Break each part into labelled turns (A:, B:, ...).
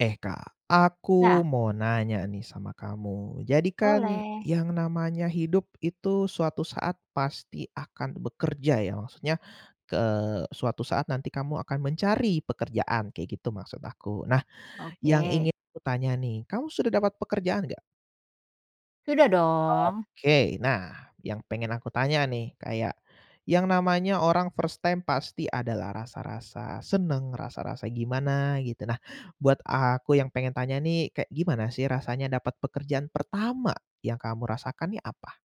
A: Eh Kak, aku
B: Ya.
A: mau nanya nih sama kamu. Jadi kan
B: Boleh.
A: yang namanya hidup itu suatu saat pasti akan bekerja ya, maksudnya k eee, suatu saat nanti kamu akan mencari pekerjaan. Kayak gitu maksud aku. Nah, yang
B: Oke.
A: ingin aku tanya nih kamu sudah dapat pekerjaan gak?
B: Sudah dong.
A: Oke, nah yang pengen aku tanya nih kayak, yang namanya orang first time pasti ada lah rasa-rasa senang, rasa-rasa gimana gitu, nah, buat aku yang pengen tanya nih kayak gimana sih rasanya dapat pekerjaan pertama, yang kamu rasakan nih apa?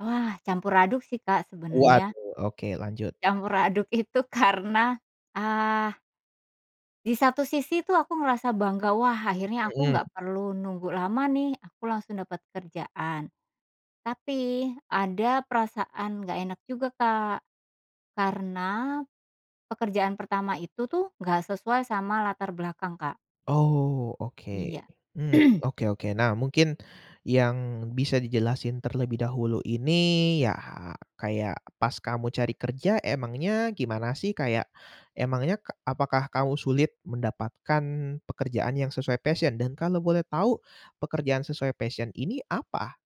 B: Wah campur aduk sih Kak sebenarnya.
A: Waduh, oke lanjut.
B: Campur aduk itu karena, ah Di satu sisi tuh aku ngerasa bangga wah akhirnya aku
A: Mhm.
B: nggak perlu nunggu lama nih aku langsung dapat kerjaan. Tapi ada perasaan nggak enak juga Kak, karena, pekerjaan pertama itu tuh nggak sesuai sama latar belakang Kak.
A: Oh oke,
B: Iya.
A: mmm, oke oke. Nah, mungkin yang bisa dijelasin terlebih dahulu ini ya kayak pas kamu cari kerja emangnya gimana sih? Kayak, emangnya k apakah kamu sulit mendapatkan pekerjaan yang sesuai passion? Dan kalau boleh tahu, pekerjaan sesuai passion ini apa?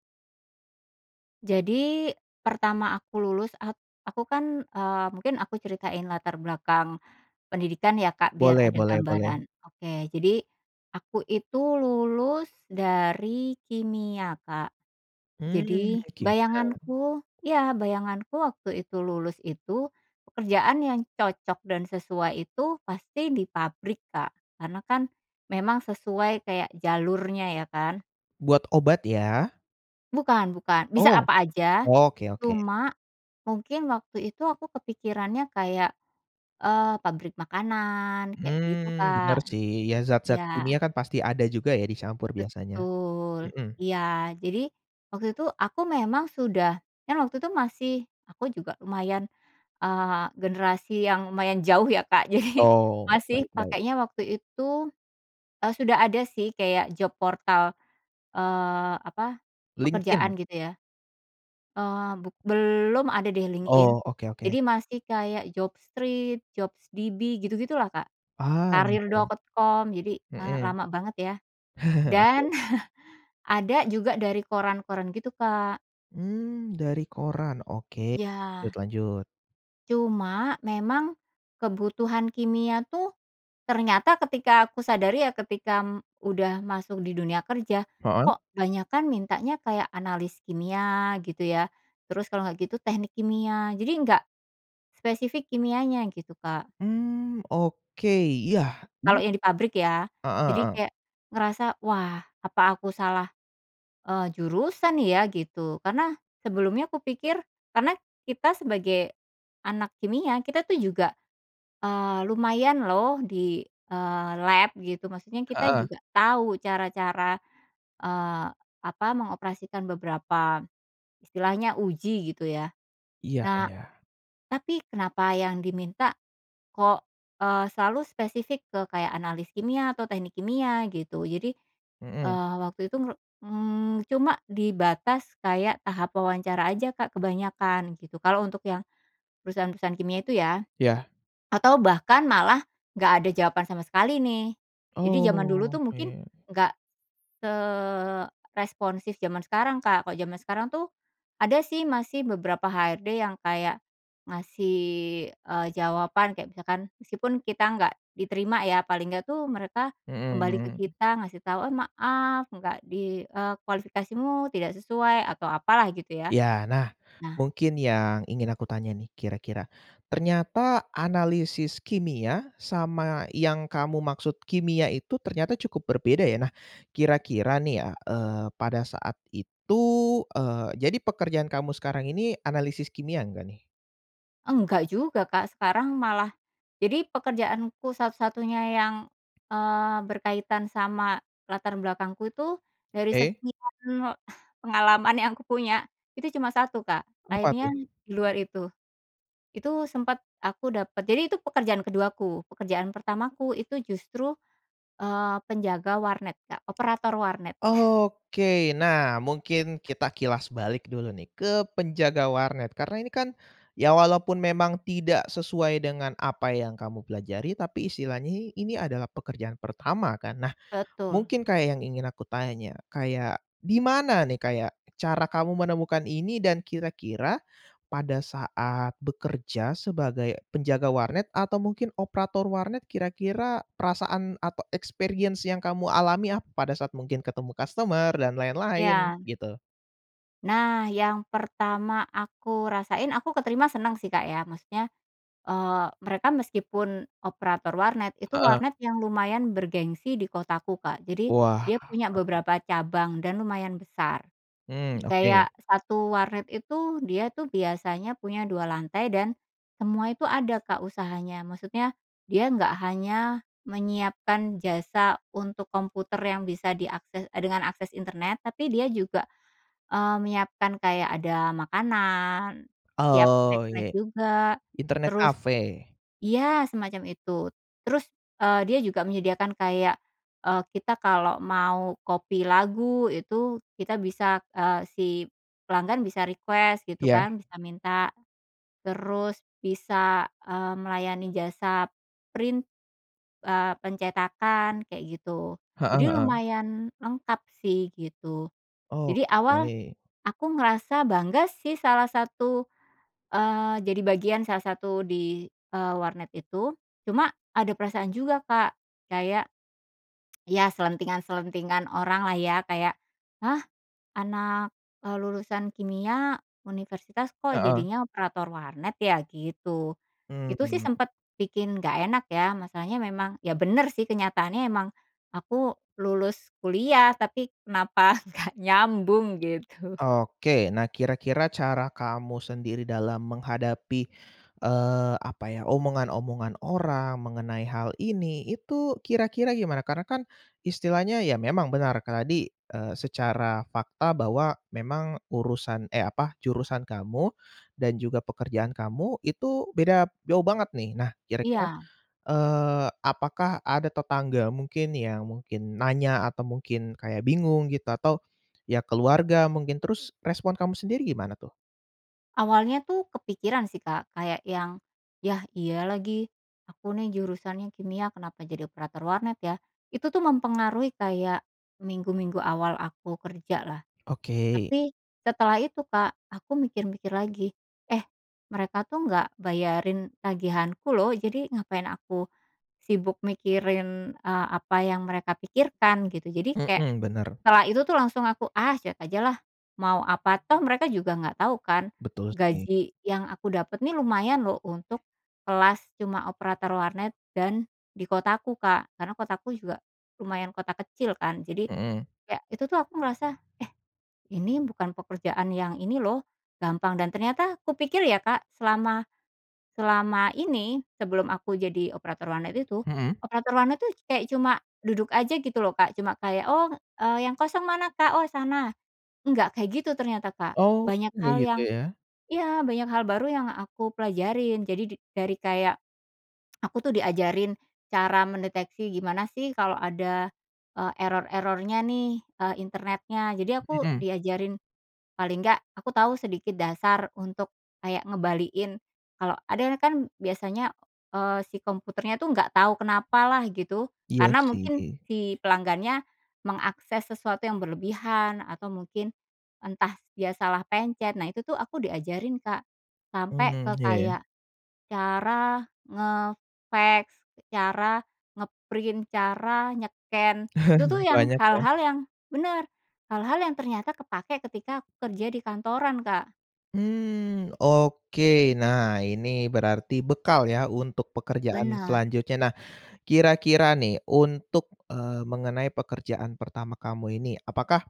B: Jadi pertama aku lulus at aku kan, eee, mungkin aku ceritain latar belakang pendidikan ya Kak biar
A: Boleh
B: ada
A: boleh boleh.
B: gambaran. Oke. Jadi, aku itu lulus dari kimia Kak,
A: Mmm,
B: jadi
A: kimia.
B: bayanganku iya bayanganku waktu itu lulus itu, pekerjaan yang cocok dan sesuai itu pasti di pabrik Kak, karena kan memang sesuai kayak jalurnya, ya kan.
A: Buat obat ya?
B: Bukan bukan, bisa
A: Oh!
B: apa aja,
A: Oke oke.
B: cuma mungkin waktu itu aku kepikirannya kayak, eee, pabrik makanan kayak gitu
A: Mmm, bener
B: Kak,
A: sih. Ya zat-zat
B: iya.
A: kimia kan pasti ada juga ya dicampur biasanya,
B: Betul
A: mhm.
B: iya. Jadi, waktu itu aku memang sudah, kan waktu itu masih aku juga lumayan, eee, generasi yang lumayan jauh ya Kak jadi,
A: Oh, baik
B: masih
A: baik.
B: pakainya waktu itu, eee, sudah ada sih kayak job portal, eee, apa,
A: LinkedIn.
B: pekerjaan gitu ya, eee, buk belum ada deh LinkedIn,
A: Oh, oke oke.
B: jadi masih kayak Job Street, Jobs DB gitu-gitulah Kak,
A: Ah, iya iya.
B: Karir.com jadi, eee,
A: Mhm.
B: lama banget ya, dan
A: Oke.
B: ada juga dari koran-koran gitu Kak.
A: Mmm, dari koran, oke, lanjut
B: Iya.
A: lanjut.
B: Cuma memang, kebutuhan kimia tuh, ternyata ketika aku sadari ya ketika udah masuk di dunia kerja,
A: Heeh.
B: kok banyakan mintanya kayak analis kimia gitu ya, terus kalau nggak gitu teknik kimia. Jadi nggak, spesifik kimianya, gitu Kak.
A: Mmm, oke ya.
B: Kalau yang di pabrik ya,
A: Heeh
B: jadi
A: heeh.
B: kayak, ngerasa, "Wah apa aku salah," eee, "jurusan ya?" Gitu karena sebelumnya kupikir karena kita sebagai, anak kimia kita tuh juga, eee, lumayan loh di, eee, lab gitu, maksudnya kita
A: Heeh.
B: juga tau cara-cara, eee, apa, mengoperasikan beberapa, istilahnya uji gitu ya.
A: Iya
B: Nah,
A: iya.
B: tapi kenapa yang diminta, kok, eee, selalu spesifik ke kayak analis kimia atau teknik kimia gitu. Jadi,
A: Mhm.
B: eee, waktu itu ngeru mmm, cuma di batas kayak tahap wawancara aja Kak kebanyakan, gitu. Kalau untuk yang perusahaan-perusahaan kimia itu ya,
A: Iya.
B: atau bahkan malah gak ada jawaban sama sekali nih. Jadi jaman dulu
A: Oh
B: tuh mungkin
A: oke.
B: nggak, seresponsif jaman sekarang Kak, kalau jaman sekarang tuh, ada sih masih beberapa HRD yang kayak, ngasih, eee, jawaban kayak misalkan meskipun kita nggak diterima ya, paling nggak tuh mereka
A: Mhm
B: kembali ke
A: mhm.
B: kita ngasih tau, "Oh maaf nggak di eee, kualifikasimu tidak sesuai," atau apalah gitu ya.
A: Iya nah,
B: Nah
A: mungkin yang ingin aku tanya nih kira-kira, ternyata analisis kimia sama yang kamu maksud kimia itu ternyata cukup berbeda ya? Nah, kira-kira nih ya, eee, pada saat itu eee, jadi pekerjaan kamu sekarang ini analisis kimia enggak nih?
B: Enggak juga Kak. Sekarang malah jadi pekerjaanku satu-satunya yang, eee, berkaitan sama latar belakangku itu dari
A: Oke.
B: segi [unintelligible] pengalaman yang aku punya itu cuma 1 Kak,
A: Apa
B: akhirnya
A: tuh?
B: di luar itu. Itu sempat aku dapat jadi itu pekerjaan ke-2-ku, pekerjaan pertamaku itu justru, eee, penjaga warnet Kak, operator warnet.
A: Oke, nah mungkin kita kilas balik dulu nih ke penjaga warnet karena ini kan, ya walaupun memang tidak sesuai dengan apa yang kamu pelajari tapi istilahnya i ini adalah pekerjaan pertama kan? Nah,
B: Betul.
A: mungkin kayak yang ingin aku tanya, kayak di mana nih kayak cara kamu menemukan ini dan kira-kira, pada saat bekerja sebagai penjaga warnet atau mungkin operator warnet kira-kira perasaan atau experience yang kamu alami ap pada saat mungkin ketemu customer dan lain-lain
B: Iya.
A: gitu?
B: Nah yang pertama aku rasain aku keterima senang sih Kak ya. Maksudnya, eee, mereka meskipun operator warnet itu
A: Heeh.
B: warnet yang lumayan bergengsi di kotaku Kak, jadi
A: Wah
B: dia punya
A: mantep.
B: beberapa cabang dan lumayan besar,
A: Mmm, oke.
B: kayak 1 warnet itu dia tuh biasanya punya 2 lantai dan, semua itu ada Kak usahanya, maksudnya dia nggak hanya menyiapkan jasa untuk komputer yang bisa diakses, e dengan akses internet tapi dia juga, eee, menyiapkan kayak ada makanan, siap
A: Oh iya,
B: snack-snack juga,
A: internet
B: terus
A: cafe.
B: ya semacam itu terus, eee, dia juga menyediakan kayak, eee, kita kalau mau copy lagu itu kita bisa, eee, si, pelanggan bisa request gitu
A: Iya.
B: kan bisa minta, terus bisa, eee, melayani jasa, print, eee, pencetakan kayak gitu.
A: Heeh
B: Jadi
A: heeh.
B: lumayan lengkap sih, gitu.
A: Oh
B: Jadi awal,
A: oke.
B: aku ngerasa bangga sih salah satu, eee, jadi bagian salah satu di, eee, warnet itu, cuma ada perasaan juga Kak kayak ya. selentingan-selentingan orang lah ya kayak, "Hah? Anak," eee, "lulusan kimia, universitas, kok
A: Heeh.
B: jadinya operator warnet ya?" Gitu, itu sih
A: Mmm.
B: sempet bikin nggak enak ya. Masalahnya memang ya bener sih kenyataannya emang, aku lulus kuliah tapi kenapa nggak nyambung gitu.
A: Oke, nah kira-kira cara kamu sendiri dalam menghadapi, eee, apa ya, omongan-omongan orang mengenai hal ini, itu kira-kira gimana? Karena kan, istilahnya ya memang benar kan tadi, eee, secara fakta bahwa memang urusan eh, apa, jurusan kamu, dan juga pekerjaan kamu itu beda jauh banget nih. Nah kira-kira,
B: Iya.
A: eee, apakah ada tetangga mungkin yang mungkin nanya, atau mungkin kayak bingung gitu atau, ya keluarga mungkin? Terus respon kamu sendiri gimana tuh?
B: Awalnya tuh kepikiran sih Kak kayak yang, ya iya lagi, aku nih jurusannya kimia kenapa jadi operator warnet ya? Itu tuh mempengaruhi kayak, minggu-minggu awal aku kerja lah,
A: Oke.
B: tapi setelah itu Kak aku mikir-mikir lagi, "Eh, mereka tuh nggak bayarin tagihanku loh jadi ngapain aku, sibuk mikirin," eee, "apa yang mereka pikirkan," gitu. Jadi kayak,
A: Mhm, bener.
B: setelah itu tuh langsung aku, ah, cuek aja lah mau apa toh mereka juga nggak tau kan,
A: Betul sih.
B: gaji yang aku dapat nih lumayan loh untuk kelas cuma operator warnet dan di kotaku Kak. Karena kotaku juga, lumayan kota kecil kan, jadi,
A: Mhm.
B: kayak itu tuh aku merasa, eh, ini bukan pekerjaan yang ini loh, gampang dan ternyata kupikir ya Kak selama, selama ini sebelum aku jadi operator warnet itu,
A: Mhm.
B: operator warnet tuh kayak cuma duduk aja gitu loh Kak cuma kayak, "Oh," eee, "yang kosong mana Kak?" "Oh sana," nggak kayak gitu ternyata Kak.
A: Oh,
B: Banyak
A: iya
B: hal
A: gitu
B: yang
A: ya.
B: iya, banyak hal baru yang aku pelajarin jadi di dari kayak aku tuh diajarin cara mendeteksi, gimana sih kalau ada, eee, error-errornya nih, eee, internetnya. Jadi aku
A: Mhm.
B: diajarin, paling nggak aku tahu sedikit dasar untuk kayak ngembaliin, kalau ada nah kan biasanya, eee, si komputernya tuh nggak tahu kenapa lah gitu,
A: Iya
B: karena mungkin
A: sih.
B: si pelanggannya, mengakses sesuatu yang berlebihan, atau mungkin entah dia salah pencet, nah itu tuh aku diajarin Kak, sampai
A: Mmm,
B: ke
A: iya iya.
B: kayak, cara nge-fax, cara nge-print, cara nye-scan itu tuh yang
A: Banyak ya.
B: hal-hal yang bener, hal-hal yang ternyata kepake ketika aku kerja di kantoran Kak.
A: Mmm, oke nah ini berarti bekal ya untuk pekerjaan
B: Bener.
A: selanjutnya. Nah, kira-kira nih untuk, eee, mengenai pekerjaan pertama kamu ini apakah,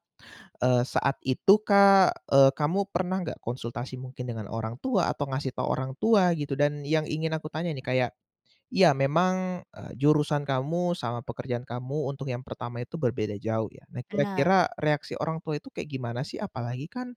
A: eee, saat itu Kak, eee, kamu pernah nggak konsultasi mungkin dengan orang tua, atau ngasih tau orang tua gitu? Dan yang ingin aku tanya nih kayak, iya memang, eee, jurusan kamu sama pekerjaan kamu untuk yang pertama itu berbeda jauh ya, nah
B: Bener.
A: kira-kira reaksi orang tua itu kayak gimana sih? Apalagi kan,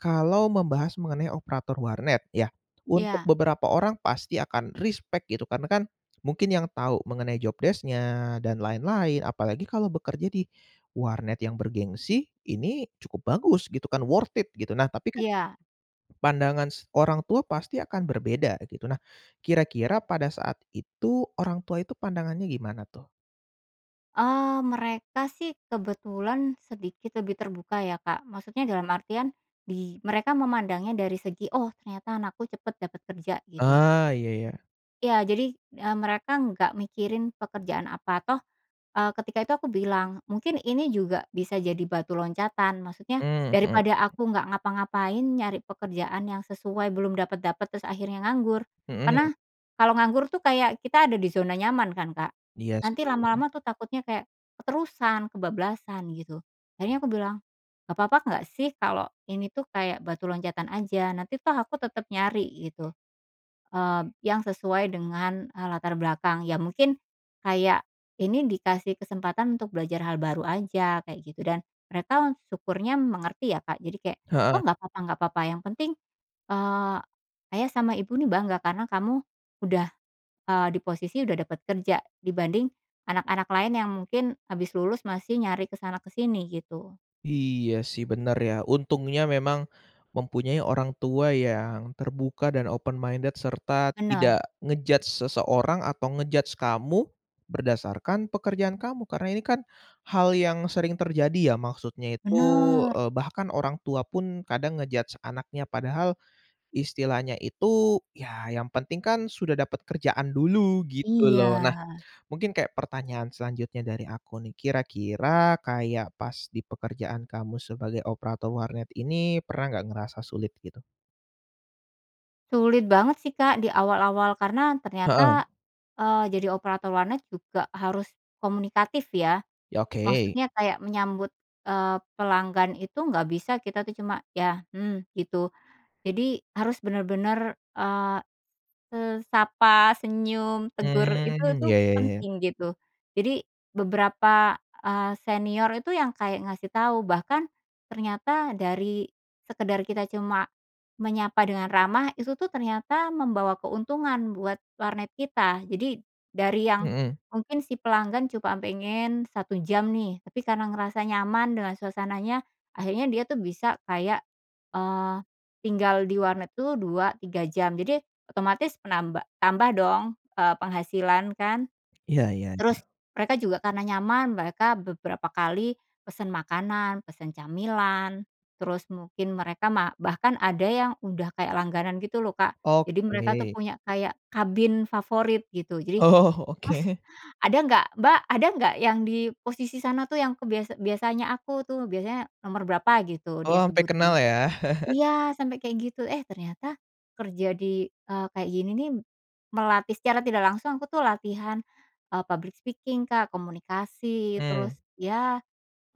A: kalau membahas mengenai operator warnet ya untuk
B: Iya.
A: beberapa orang pasti akan respek gitu karena kan, mungkin yang tahu mengenai job desc-nya dan lain-lain, apalagi kalau bekerja di warnet yang bergengsi ini cukup bagus gitu kan worth it gitu, nah tapi kan
B: Iya.
A: pandangan s orang tua pasti akan berbeda gitu. Nah, kira-kira pada saat itu orang tua itu pandangannya gimana tuh?
B: Eee, mereka sih kebetulan sedikit lebih terbuka ya Kak, maksudnya dalam artian, bi mereka memandangnya dari segi "oh ternyata anakku cepat dapat kerja", gitu.
A: Ah, iya ya.
B: Iya jadi, eee, mereka nggak mikirin pekerjaan apa. Toh, eee, ketika itu aku bilang mungkin ini juga bisa jadi batu loncatan, maksudnya
A: Mmm, mhm.
B: daripada aku nggak ngapa-ngapain nyari pekerjaan yang sesuai belum dapat-dapat terus akhirnya nganggur. Karena,
A: Mhm.
B: kalo nganggur tuh kayak kita ada di zona nyaman kan Kak,
A: Iya
B: nanti
A: sih.
B: lama-lama tuh takutnya kayak, keterusan, kebablasan gitu, akhirnya aku bilang, "Gak papa nggak sih kalo ini tuh kayak batu loncatan aja? Nanti toh aku tetap nyari," gitu, mmm, yang sesuai dengan, eee, latar belakang. Ya mungkin, kayak ini dikasih kesempatan untuk belajar hal baru aja, kayak gitu. Dan mereka syukurnya mengerti ya Kak jadi kayak,
A: Heeh.
B: "Oh nggak papa nggak papa yang penting," eee, "ayah sama ibu nih bangga karena kamu udah," eee, "di posisi udah dapat kerja. Dibanding anak-anak lain yang mungkin habis lulus masih nyari ke sana ke sini," gitu.
A: Iya sih bener ya, untungnya memang mempunyai orang tua yang terbuka, dan open minded, serta tidak
B: Bener.
A: nge-judge seseorang, atau nge-judge kamu, berdasarkan pekerjaan kamu. Karena ini kan, hal yang sering terjadi ya maksudnya itu,
B: Bener.
A: eee, bahkan orang tua pun kadang nge-judge anaknya padahal, istilahnya itu ya yang penting kan sudah dapat kerjaan dulu gitu loh. Nah,
B: Iya.
A: mungkin kayak pertanyaan selanjutnya dari aku nih, kira-kira kayak pas di pekerjaan kamu sebagai operator warnet ini pernah nggak ngerasa sulit gitu?
B: Sulit banget sih Kak di awal-awal karena ternyata,
A: Heeh.
B: eee, jadi operator warnet juga harus komunikatif ya,
A: Iya oke.
B: maksudnya kayak menyambut, eee, pelanggan itu nggak bisa kita tuh cuma "ya", "mmm", gitu. Jadi harus bener-bener, eee, se sapa, senyum, tegur, itu
A: Mmm,
B: tuh
A: iya iya iya.
B: penting gitu. Jadi beberapa, eee, senior itu yang kayak ngasih tahu, bahkan ternyata dari sekedar kita cuma menyapa dengan ramah itu tuh ternyata membawa keuntungan buat warnet kita. Jadi, dari yang
A: Mhm.
B: mungkin si pelanggan cuma pengen 1 jam nih, tapi karena ngerasa nyaman dengan suasananya akhirnya dia tuh bisa kayak, eee, tinggal di warnet tuh 2, 3 jam jadi otomatis menamba tambah dong, eee, penghasilan kan.
A: Iya iya
B: Terus
A: iya.
B: mereka juga karena nyaman mereka beberapa kali pesan makanan, pesan camilan, terus mungkin mereka ma bahkan ada yang udah kayak langganan gitu loh Kak, jadi mereka tuh
A: Oke.
B: punya kayak kabin favorit gitu jadi,
A: Oh,
B: "Mas
A: oke.
B: ada nggak? Mbak ada nggak? Yang di posisi sana tuh yang aku," biasa "biasanya aku tuh," biasanya nomor berapa gitu
A: Oh,
B: dia
A: sampai kenal
B: sebutin.
A: ya.
B: Iya! Sampai kayak gitu, eh, ternyata, kerja di, eee, kayak gini nih, melatih- secara tidak langsung- aku tuh latihan, eee, public speaking Kak, komunikasi, terus
A: Mmm.
B: ya,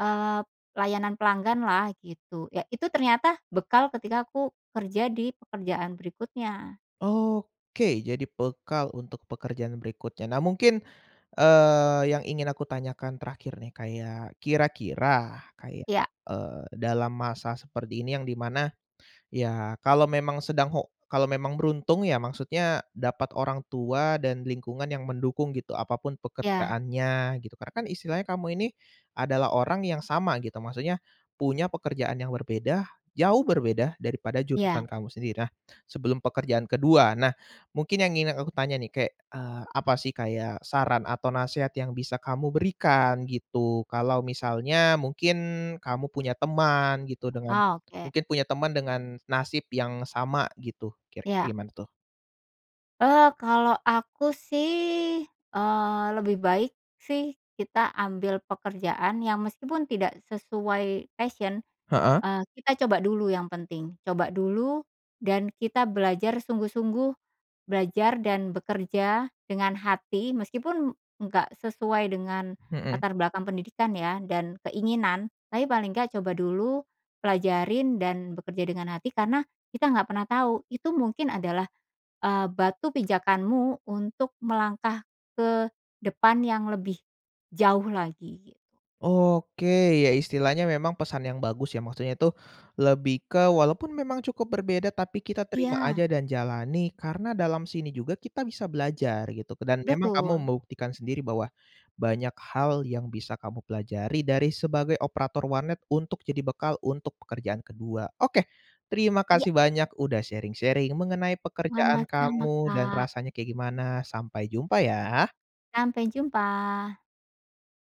B: eee, layanan pelanggan lah, gitu. Ya itu ternyata bekal ketika aku kerja di pekerjaan berikutnya.
A: Oke, jadi bekal untuk pekerjaan berikutnya. Nah mungkin, eee, yang ingin aku tanyakan terakhir nih kayak kira-kira kayak,
B: Iya.
A: eee, dalam masa seperti ini yang di mana, ya kalau memang sedang ho kalau memang beruntung, ya maksudnya dapat orang tua dan lingkungan yang mendukung gitu apa pun
B: Iya.
A: pekerjaannya gitu, karena kan istilahnya kamu ini, adalah orang yang sama gitu maksudnya, punya pekerjaan yang berbeda- jauh berbeda- daripada
B: Iya.
A: jurusan kamu sendiri. Nah, sebelum pekerjaan ke-2. Nah, mungkin yang ingin aku tanya nih kayak, eee, apa sih kayak saran atau nasehat yang bisa kamu berikan gitu? Kalau misalnya mungkin kamu punya teman gitu dengan
B: Oh oke.
A: mungkin punya teman dengan nasib yang sama gitu, kira-kira
B: Iya.
A: gimana tuh?
B: Eee, kalau aku sih, eee, lebih baik sih kita ambil pekerjaan yang meskipun tidak sesuai passion,
A: Heeh.
B: eee, kita coba dulu yang penting. Coba dulu, dan kita belajar sungguh-sungguh, belajar dan bekerja dengan hati meskipun enggak sesuai dengan
A: Mhm.
B: latar belakang pendidikan ya, dan keinginan tapi paling nggak coba dulu, pelajarin dan bekerja dengan hati. Karena, kita nggak pernah tahu itu mungkin adalah, eee, batu pijakanmu untuk melangkah ke depan yang lebih jauh lagi, gitu.
A: Oke, ya istilahnya memang pesan yang bagus ya maksudnya itu, lebih ke walaupun memang cukup berbeda tapi kita terima
B: Iya.
A: aja dan jalani karena dalam sini juga kita bisa belajar gitu ke dan memang kamu
B: Betul.
A: membuktikan sendiri bahwa, banyak hal yang bisa kamu pelajari dari sebagai operator warnet untuk jadi bekal untuk pekerjaan ke-2. Oke, terima
B: Iya!
A: kasih banyak udah sharing-sharing mengenai pekerjaan
B: Sama-sama
A: kamu dan
B: Kak.
A: rasanya kayak gimana, sampai jumpa ya.
B: Sampai jumpa.